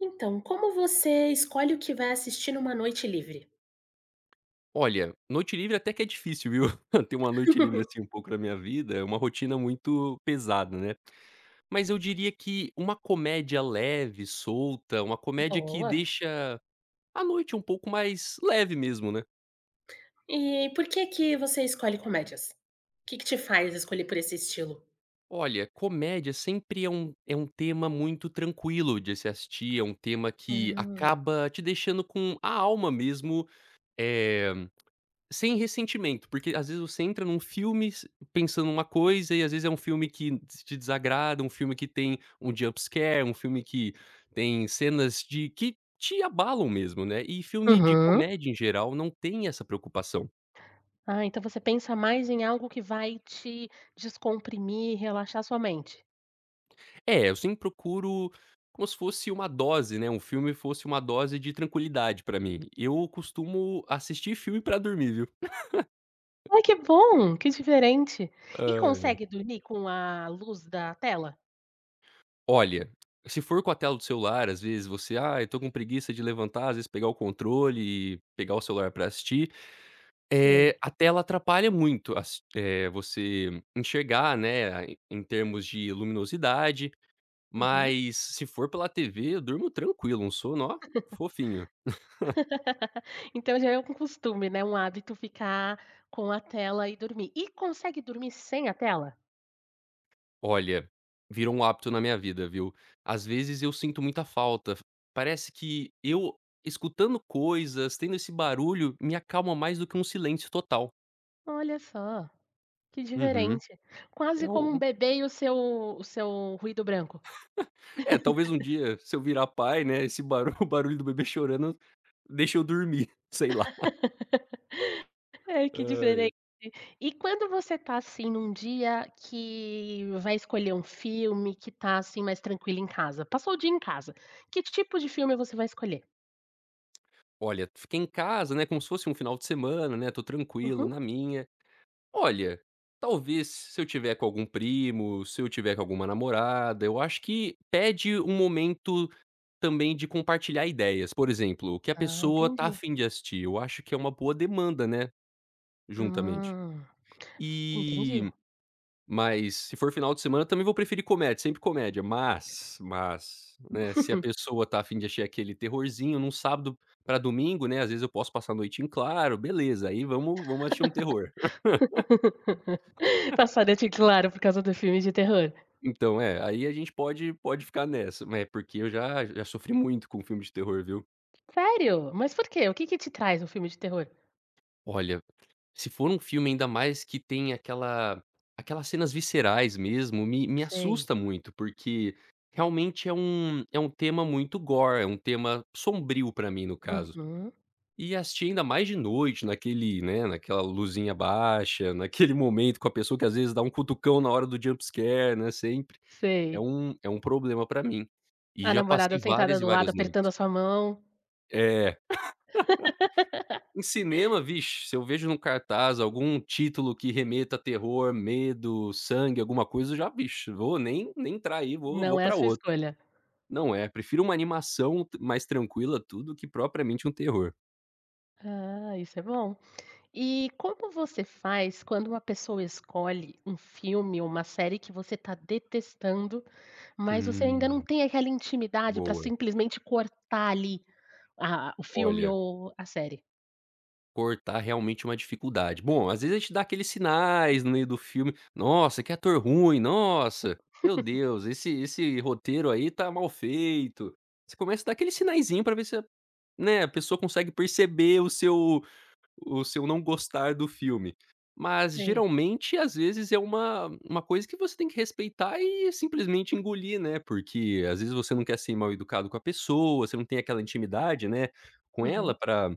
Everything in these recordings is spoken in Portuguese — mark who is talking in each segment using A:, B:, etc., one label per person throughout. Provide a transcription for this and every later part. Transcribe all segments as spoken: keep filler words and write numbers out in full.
A: Então, como você escolhe o que vai assistir numa noite livre?
B: Olha, noite livre até que é difícil viu, ter uma noite livre assim um pouco na minha vida é uma rotina muito pesada, né. Mas eu diria que uma comédia leve, solta, uma comédia que
A: Boa.
B: deixa a noite um pouco mais leve mesmo, né.
A: E por que que você escolhe comédias? Que que te faz escolher por esse estilo?
B: Olha, comédia sempre é um é um tema muito tranquilo de se assistir, é um tema que
A: Hum.
B: acaba te deixando com a alma mesmo, eh, sem ressentimento. Porque, às vezes, você entra em um filmes pensando em uma coisa e às vezes é um filme que te te desagrada, um filme que tem um jump scare, um filme que tem cenas de que te abalam mesmo, né. E filme de
A: Uhum.
B: comédia em geral não tem essa preocupação.
A: Ah, então você pensa mais em algo que vai te descomprimir e relaxar a sua mente?
B: É eu sempre procuro como se fosse uma dose, né, um filme fosse uma dose de tranquilidade para mim, eu costumo assistir filme para dormir, viu?
A: Ai que bom, que diferente. E
B: Ai, ai.
A: consegue dormir com a luz da tela?
B: Olha, se for com a tela do celular as vezes você: "Ai, eu tô com preguiça de levantar, as vezes pegar o controle e pegar o celular pra assistir."
A: Sei.
B: Eh, a tela atrapalha muito as eh você enxergar né a em termos de luminosidade,
A: Uhum.
B: mas se for pela tv, durmo tranquilo um sono ó, fofinho.
A: Então já é um com costume né, um hábito ficar com a tela e dormir. E consegue dormir sem a tela?
B: Olha, virou um hábito na minha vida viu. As vezes eu sinto muita falta f parece que eu escutando coisas, tendo esse barulho me acalma mais do que um silêncio total.
A: Olha só! Que
B: Uhum,
A: diferente, quase
B: é
A: como um
B: o
A: bebê e o seu o seu ruído branco.
B: É talvez um dia se eu virar pai né esse baru o barulho do bebê chorano deixa eu dormir, sei lá.
A: Ai que
B: Ai.
A: diferente! E quando você tá assim num dia que vai escolher um filme, que tá assim mais tranquilo em casa, passou o dia em casa. Que tipo de filme você vai escolher?
B: Olha, fiquei em casa, né, como se fosse um final de semana, né, estou tranquilo
A: Uhum.
B: na minha. Olha, talvez, se eu estiver com algum primo, se eu estiver com alguma namorada, eu acho que pede um momento também de compartilhar ideias, por exemplo, o que a
A: Ah,
B: pessoa está
A: entendi.
B: afim de assistir, eu acho que é uma boa demanda, né, juntamente.
A: Ah, entendi.
B: E mas se for final de semana também vou preferir comédia, sempre comédia, mas mas, né, se a pessoa está afim de assistir aquele terrorzinho em um sábado para domingo, né, às vezes eu posso passar a noite em claro, beleza, aí vamos vamos assistir um terror.
A: Passa a noite em claro, por causa do filme de terror.
B: Então é, aí a gente pode pode ficar nessa, é, porque eu já já sofri muito com filme de terror, viu.
A: Sério? Mas por quê? O que que te traz um filme de terror?
B: Olha, se for um filme, ainda mais, que tem aquela aquelas cenas viscerais mesmo, me me
A: Sei.
B: assusta muito, porque, realmente, é um é um tema muito gore, é um tema sombrio para mim, no caso.
A: Uhum.
B: E assisti, ainda mais de noite, naquele, né, naquela luzinha baixa, naquele momento com a pessoa que, às vezes, dá um cutucão na hora do jump scare, né, sempre é
A: Sei.
B: um é um problema para mim. E
A: A
B: já passei
A: namorada sentada
B: várias e
A: do lado
B: várias noites
A: apertando a sua mão.
B: É. Em cinema, vixe, se eu vejo em um cartaz algum título que remeta a terror, medo, sangue, alguma coisa, eu já, vixe, nem nem entrar aí, vou
A: Não
B: vou
A: é
B: para
A: sua
B: outro,
A: escolha.
B: não, é, prefiro uma animação t mais tranquila, tudo, que propriamente um terror.
A: Ah, isso é bom. E como você faz quando uma pessoa escolhe um filme ou uma série que você tá detestando, mas você ainda não
B: Hum.
A: tem aquela intimidade para,
B: Boa.
A: simplesmente, cortar, ali, a a o filme
B: Olha
A: ou a série.
B: cortar, realmente, é uma dificuldade, bom, às vezes, a gente dá aqueles sinais no meio do filme: "Nossa, que ator ruim, nossa, meu Deus esse esse roteiro, aí, tá mal feito", você começa a dar aquele sinaiszinho para ver se a né, a pessoa consegue perceber o seu o seu não gostar do filme, mas,
A: Sei.
B: geralmente, às vezes, é uma uma coisa que você tem que respeitar e simplesmente engolir, né, porque, às vezes, você não quer ser mal educado com a pessoa, você não tem aquela intimidade, né, com ela
A: Uhum.
B: ara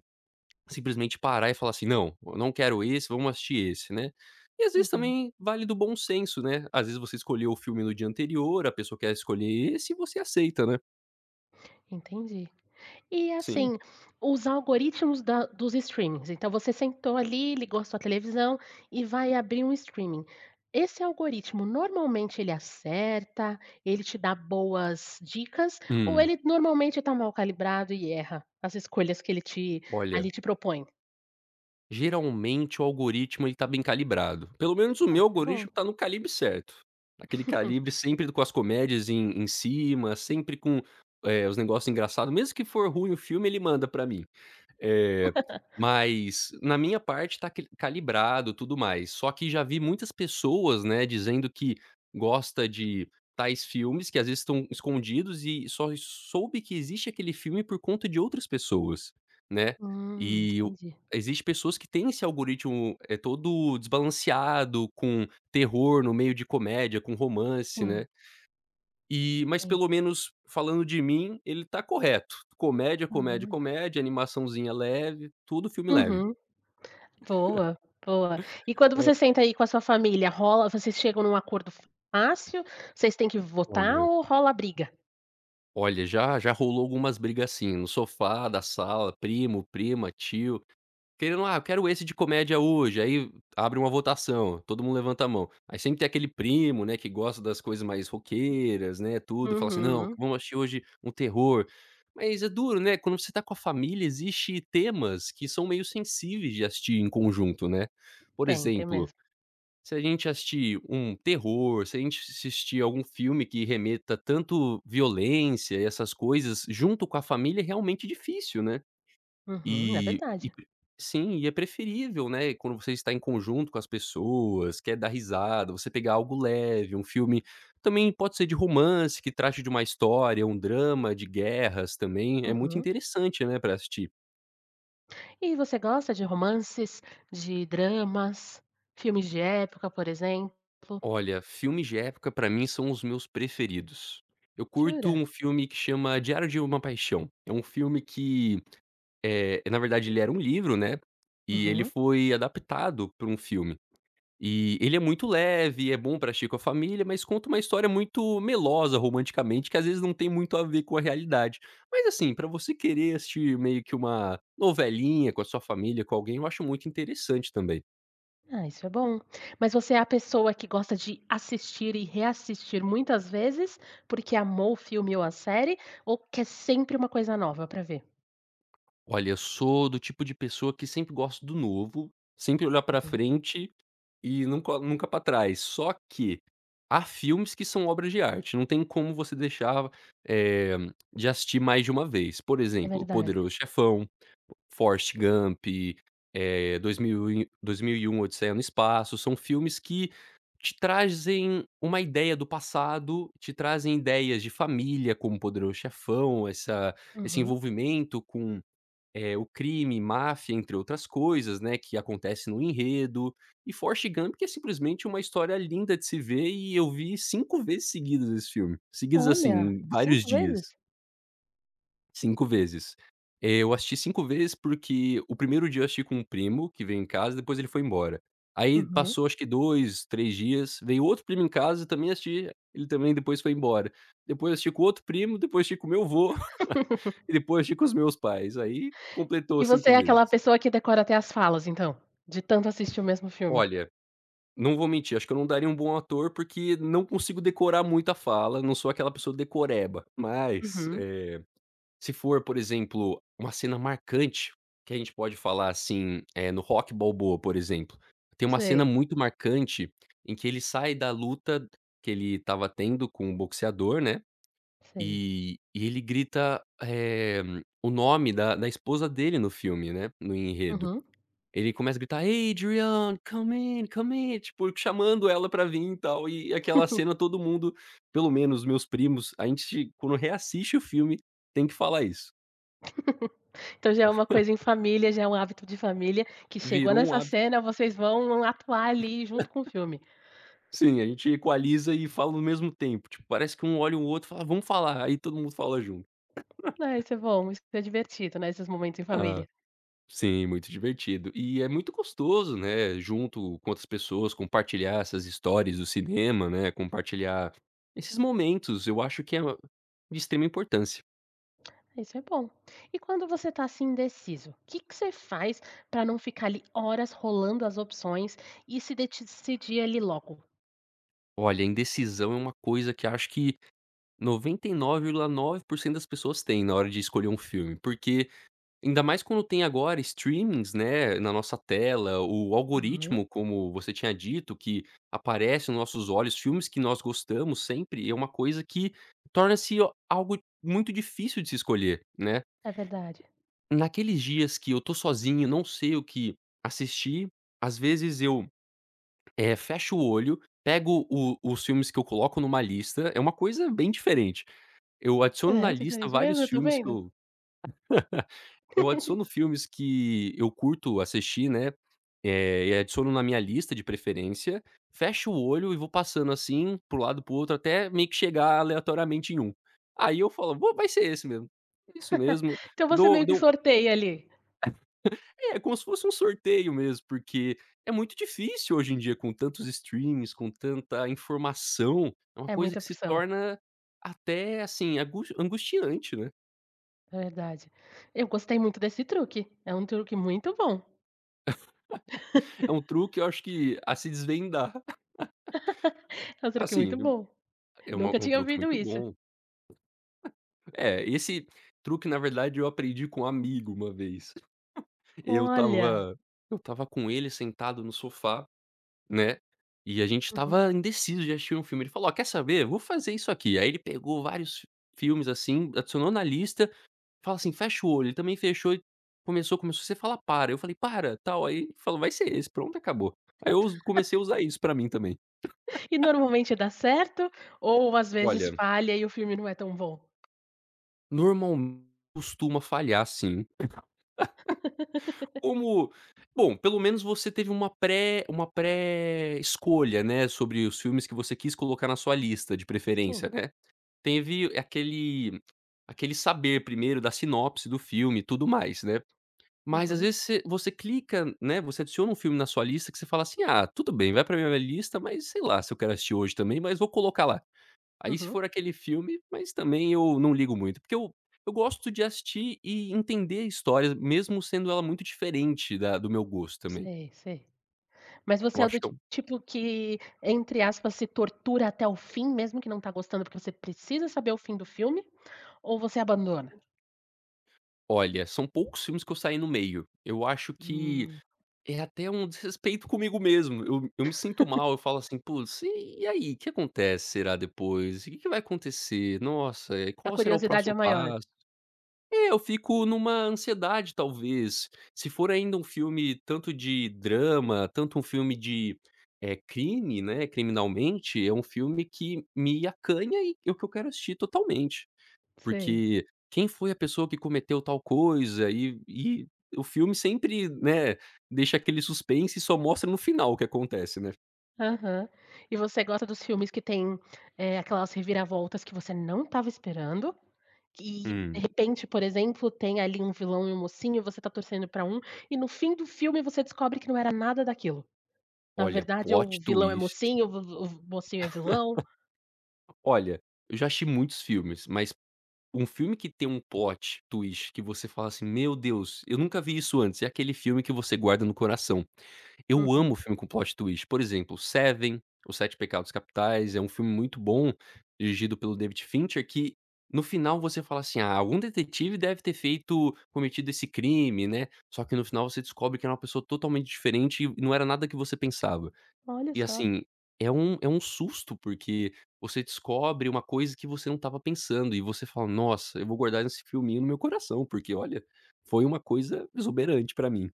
B: simplesmente, parar e falar assim: "Não, eu não quero esse, vamos assistir esse", né, e, às vezes,
A: Uhum.
B: também vale do bom senso, né, às vezes, você escolheu o filme no dia anterior, a pessoa quer escolher esse e você aceita, né.
A: Entendi. E
B: Sim.
A: assim, os algoritmos da dos streamings, então você sentou ali, ligou a sua televisão, e vai abrir um streaming. Esse algoritmo, normalmente, ele acerta, ele te dá boas dicas, ou
B: Hum.
A: ele, normalmente, tá mal calibrado e erra, as escolhas que ele te,
B: Olha
A: ali, te propõe?
B: geralmente o algoritmo, ele tá bem calibrado, pelo menos o
A: Ah,
B: meu
A: isso é bom.
B: algoritmo tá no calibre certo. Aquele calibre sempre do com as comédias em em cima, sempre com, eh, os negócio engraçado, mesmo que for ruim o filme, ele manda pra mim. Eh, mas na minha parte tá que calibrado, tudo mais, só que já vi muitas pessoas, né, dizendo que gosta de tais filmes, que às vezes estão escondidos e soi soube que existe aquele filme por conta de outras pessoas, né.
A: Hum,
B: E o
A: entendi.
B: existe pessoas que têm esse algoritmo, eh, todo desbalanceado, com terror no meio de comédia, com romance, né.
A: Sim.
B: E mas
A: Sim.
B: pelo menos, falando de mim, ele tá correto, comédia, comédia,
A: Aham.
B: comédia, animaçãozinha leve, tudo filme leve.
A: Uhum. Boa, boa. E quando
B: Hã.
A: você senta aí com a sua família, rola vocês chegam num acordo fácil, vocês têm que votar,
B: Olha
A: ou rola briga?
B: Olha, já já rolou algumas briga assim, no sofá da sala, primo, prima, tio, querendo: "Ah quero esse de comédia hoje", aí abre uma votação, todo mundo levanta a mão. Aí sempre tem aquele primo, né, que gosta das coisas mais roqueiras, né, tudo e fala assim não,
A: Uhum.
B: vamos assistir hoje um terror. Mas é duro, né, quando você tá com a família existe temas que são meio sensíveis de assistir em conjunto, né, por
A: Tem, tem
B: exemplo,
A: mesmo.
B: se a gente assistir um terror, se a gente assistir algum filme que remeta tanto violência e essas coisas junto com a família é realmente difícil, né.
A: Uhum, é
B: E e
A: verdade.
B: sim e é preferível, né, quando você tá em conjunto com as pessoas, quer dar risada, você pegar algo leve, um filme, também pode ser de romance, que trate de uma história, um drama de guerras também, é muito
A: Uhum.
B: interessante, né, pra assistir.
A: E você gosta de romances, de dramas, filmes de época, por exemplo?
B: Olha, filmes de época pra mim são os meus preferidos. Eu curto
A: Jura?
B: um filme que chama Diário de uma paixão, é um filme que, eh, na verdade ele era um livro, né, e ele
A: Uhum.
B: foi adaptado pra um filme. E ele é muito leve, é bom pra agir com a família, mas conta uma história muito melosa romanticamente que às vezes não tem muito a ver com a realidade, mas assim, você querer assistir meio que uma novelinha com a sua família, com alguém eu acho muito interessante também.
A: Ah, isso é bom. Mas você é a pessoa que gosta de assistir e reassistir muitas vezes, porque amou o filme ou a série, ou quer sempre uma coisa nova pra ver?
B: Olha, eu sou do tipo de pessoa que sempre gosto do novo, sempre olhar pra
A: Uhum.
B: frente, e nunca nunca pra trás, só que há filmes que são obras de arte, não tem como você deixar, eh, de assistir mais de uma vez, por
A: É
B: exemplo, O
A: verdade.
B: Poderoso Chefão, Forest Gump, eh, dois mil e 2001 Odisseia no Espaço, são filmes que te trazem uma ideia do passado, te trazem ideias de família, como O Poderoso chefão, essa esse
A: Aham.
B: envolvimento com, eh, o crime, máfia entre outras coisas, né, que acontece no enredo, e Forest Gun que é simplesmente uma história linda de se ver e eu vi cinco vezes seguidas esse filme, seguidas
A: Olha,
B: assim, vários
A: cinco vezes?
B: dias. cinco vezes. Eh, eu assisti cinco vezes, porque o primeiro dia eu assisti com um primo, que veio em casa, depois ele foi embora. Aí,
A: Uhum.
B: passou acho que dois, três dias, veio outro primo em casa e também assisti, ele também depois foi embora. Depois eu assisti com outro primo, depois eu assisti com meu vô, e depois assisti com os meus pais, aí completou
A: E você
B: cinco
A: é
B: vezes.
A: aquela pessoa que decora até as falas, então? De tanto assistir o mesmo filme.
B: Olha, não vou mentir, eu acho que eu não daria um bom ator, porque não consigo decorar muita fala, não sou aquela pessoa decoreba, mas,
A: Uhum.
B: eh, se for, por exemplo, uma cena marcante, que a gente pode falar assim, eh, no Rocky Balboa, por exemplo, tem uma cena
A: Sei.
B: muito marcante em que ele sai da luta que ele estava tendo com o boxeador, né,
A: Sei.
B: e e ele grita, eh, o nome da da esposa dele no filme, né, no enredo.
A: Uhum.
B: Ele começa a gritar: "Adrian, come in, come in", tipo, chamando ela pra vim e tal, e aquela cena todo mundo, pelo menos meus primos a gente quando reassiste o filme, tem que falar isso.
A: Então já é uma coisa em família, já é um hábito de família, que chegou
B: Virou um
A: nessa
B: hábito.
A: cena, vocês vão atuar, ali, junto com o filme.
B: Sim, gente equaliza e fala no mesmo tempo, tipo, parece que um olha o outro e fala: "Vamos falar", aí, todo mundo fala junto.
A: É, isso é bom, isso é divertido, né, esses momentos em
B: Hã,
A: família.
B: sim, muito divertido e é muito gostoso, né, junto com outras pessoas, compartilhar essas histórias do cinema, né, compartilhar esses momentos, eu acho que é de extrema importância.
A: Isso é bom. E quando você tá, assim, indeciso que que você faz para não ficar, ali, horas rolando as opções e se detcidir, ali, logo?
B: Olha, indecisão é uma coisa que acho que noventa e nove virgula nove por cento das pessoas têm na hora de escolher um filme, porque ainda mais quando tem agora streamings, né, na nossa tela, o
A: Uhum
B: algoritmo, como você tinha dito, que aparece no nossos olhos, filmes que nós gostamos, sempre é uma coisa que torna-se algo muito difícil de se escolher, né?
A: É verdade.
B: Naqueles dias que eu estou sozinho e não sei o que assistir, às vezes, eu, eh, fecho o olho, pego o os filmes que eu coloco em uma lista, é uma coisa bem diferente, eu adiciono na
A: É,
B: lista
A: diferente
B: vários
A: mesmo, eu estou
B: filmes que
A: vendo.
B: eu eu adiciono filmes que eu curto assistir, né, eh, adiciono na minha lista de preferência, fecho o olho e vou passando, assim, para o lado e para o outro até meio que chegar, aleatoriamente, em um, aí, eu falo: "Bom, vai ser esse mesmo, é isso mesmo",
A: Então você
B: dou
A: meio que
B: dou
A: sorteia, ali.
B: É como se fosse um sorteio mesmo, porque é muito difícil, hoje em dia, com tantos streamings, com tanta informação, é uma
A: É
B: coisa
A: muita
B: que se
A: opção.
B: torna até, assim, angu angustiante, né?
A: É verdade. Eu gostei muito desse truque, é um truque muito bom.
B: É um truque eu acho que a se desvendar.
A: É um truque
B: Assim
A: muito
B: eu
A: bom,
B: é uma
A: nunca
B: um
A: tinha
B: truque
A: ouvido
B: muito
A: isso.
B: bom. É, esse truque na verdade eu aprendi com um amigo uma vez. Eu
A: Olha!
B: tava eu tava com ele sentado no sofá né, e a gente
A: Uhum.
B: tava indeciso de assistir um filme, ele falou: "Ó quer saber? Vou fazer isso aqui." Aí ele pegou vários filmes assim, adicionou na lista, fala assim: "Fecha o olho", ele também fechou e começou começou: "Você fala para." Eu falei: "Para tal." Aí falou: "Vai ser esse, pronto e acabou." Aí eu uso comecei a usar isso pra mim também.
A: E normalmente da certo, ou as vezes
B: Olha
A: falha e o filme não é tão bom?
B: Normal costuma falhar sim. Como, bom pelo menos você teve uma pré uma pré escolha, né, sobre os filmes que você quis colocar na sua lista de
A: Sim.
B: preferência né, teve aquele aquele saber primeiro da sinopse do filme e tudo mais né. Mas as
A: Uhum.
B: vezes você você clica né, você adiciona um filme na sua lista que você fala assim: "Ah tudo bem, vai para minha lista mas, sei lá, se eu quero assistir hoje também, mas vou colocar lá". Aí se
A: Uhum.
B: for aquele filme, mas também ou não ligo muito, porque o eu gosto de assistir e entender a histórias mesmo sendo ela muito diferente da do meu gosto tamém.
A: Sei sei, mas
B: Eu
A: você é do
B: acho que
A: ti
B: eu
A: tipo que entre aspas se tortura até o fim, mesmo que não tá gostando, porque você precisa saber o fim do filme, ou você abandona?
B: Olha, são poucos filmes que eu saí no meio, eu acho que
A: Hum.
B: é até um desrespeito comigo mesmo, eu eu me sinto mal, eu falo assim: "Putz e e aí o que acontece será depois? E o que que vai acontecer? Nossa, e
A: A
B: qual será o
A: curiosidade é
B: próximo
A: maior?
B: passo?". É, eu fico numa ansiedade talvez, se for ainda um filme tanto de drama, tanto um filme de eh crime né, criminalmente, é um filme que me acanha e o que eu quero assistir totalmente.
A: Sei.
B: Porque: "Quem foi a pessoa que cometeu tal coisa?" E e o filme sempre né, deixa aquele suspense e só mostra no final o que acontece né.
A: Aham. E você gosta dos filmes que têm, eh, aquelas reviravoltas que você não estava esperando que, de
B: Hum.
A: repente, por exemplo, tem ali um vilão e um mocinho e você está torcendo pra um, e no fim do filme você descobre que não era nada daquilo. Na
B: Olha,
A: verdade o
B: plot
A: vilão é
B: twist
A: mocinho, o v v o mocinho é vilão
B: Olha, eu já assisti muitos filmes, mas um filme que tem um plot twist que você fala assim: "Meu Deus, eu nunca vi isso antes", é aquele filme que você guarda no coração. Eu amo
A: Uhum.
B: filme com plot twist por exemplo, Seven, Os Sete Pecados Capitais, é um filme muito bom, dirigido pelo David Fincher que no final você fala assim: "Ah, algum detetive deve ter feito cometido esse crime", né, só que no final você descobre que era uma pessoa totalmente diferente e não era nada que você pensava.
A: Olha
B: E
A: só.
B: assim, é um é um susto, porque você descobre uma coisa que você não estava pensando e você fala, nossa, eu vou guardar esse filminho no meu coração, porque, olha, foi uma coisa exuberante pra mim.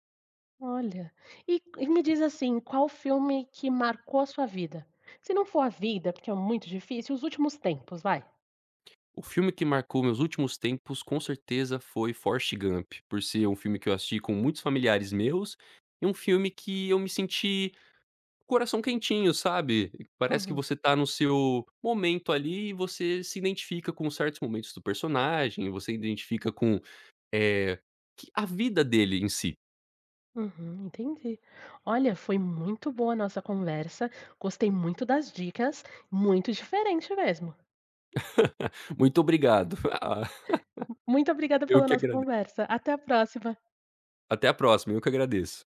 A: Olha. E e me diz assim, qual filme que marcou a sua vida? Se não for a vida, porque é muito difícil, os últimos tempos, vai?
B: O filme que marcou meus últimos tempos com certeza foi Forest Gump, por ser um filme que eu assisti com muitos familiares meus, e um filme que eu me senti coração quentinho, sabe. Parece que
A: Uhum.
B: você tá no seu momento ali e você se identifica com certos momentos do personagem, você identifica com, eh, q a vida dele em si.
A: Uhum, entendi. Olha, foi muito boa a nossa conversa, gostei muito das dicas, muito diferente mesmo.
B: Muito obrigado. Ah,
A: M muito obrigada
B: eu
A: pela
B: que
A: nossa
B: agrade
A: conversa. Até a próxima.
B: Até a próxima. Eu que agradeço.